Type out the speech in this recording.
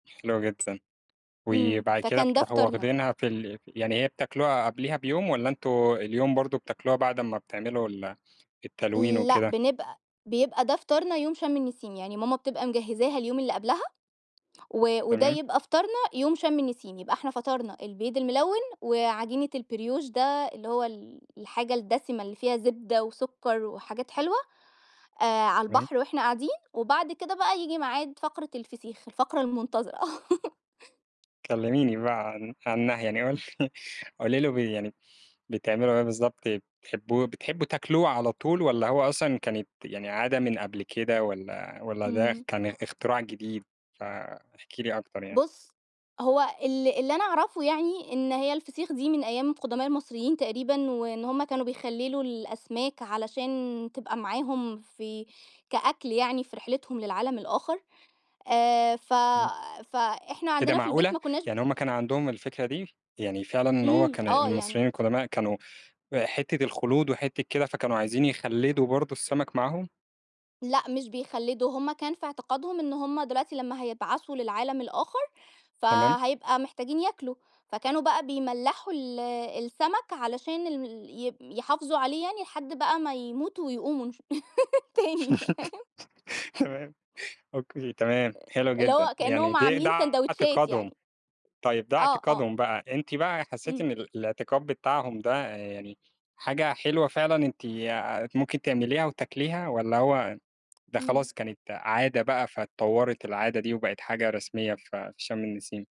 حلو جدًا. إمم، وبعد كده فكان ده بتروحوا فطارنا. واخدينها في ال يعني هي بتاكلوها قبليها بيوم والََّا أنتم اليوم برضه بتاكلوها بعد أمّا بتعملوا ال التلوين لأ، وكده؟ بنبقى بيبقى ده فطارنا يوم شم النيسيم، يعني ماما بتبقى مجهزاها اليوم اللي قبلها، و وده تمام. يبقى فطارنا يوم شم النسيم. يبقى إحنا فطرنا البيض الملون، وعجينة البريوش ده، اللي هو ال الحاجة الدسمة اللي فيها زبدة وسكر وحاجات حلوة، آآ، على تمام. البحر وإحنا قاعدين، وبعد كده بقى ييجي ميعاد فقرة الفسيخ، الفقرة المنتظرة. كلميني بقى عن عنها يعني قول قولي لي بي يعني بتعملوا إيه بالضبط؟ بتحبو بتحبوا تاكلوه على طول والَّا هو أصلًا كانت يعني عادة من قبل كده، والَّا والَّا ده إمم. كان اختراع جديد؟ فاحكي لي أكتر يعني. بُص، هو ال اللي أنا أعرفه يعني إن هي الفسيخ دي من أيام القدماء المصريين تقريبًا، وإن هُم كانوا بيخللوا الأسماك علشان تبقى معاهم في كأكل يعني في رحلتهم للعالم الآخر. آآ، ف إمم. فإحنا إيه ده عندنا في البيت معقولة؟! ما كنّاش ب يعني هم كان عندهم الفكرة دي؟ يعني فعلًا إن هو إمم، كان آه يعني المصريين القدماء كانوا حتة الخلود وحتة كده، فكانوا عايزين يخلّدوا برضه السمك معاهم؟ لأ، مش بيخلّدوا، هُم كان في اعتقادهم إن هُم دلوقتي لمّا هيبعثوا للعالم الآخر، تمام. فهيبقى محتاجين ياكلوا، فكانوا بقى بيملحوا ال السمك علشان ال ال ي يحافظوا عليه يعني لحد بقى ما يموتوا ويقوموا إن شا تاني، فاهم؟ تمام. أوكي، تمام. آآ، حلو اللي جدًا. هو يعني كأنهم دي ده عاملين ساندويتشات اعتقادهم. يعني. طيب، ده آه، آه. اعتقادهم بقى، أنتِ بقى حسيتِ إمم. إن الاعتقاد بتاعهم ده، آآ، يعني حاجة حلوة فعلًا أنتِ آآ، ممكن تعمليها وتاكليها؟ والََّا هو ده إمم. خلاص كانت عادة بقى فاتطورت العادة دي وبقت حاجة رسمية في في شم النسيم؟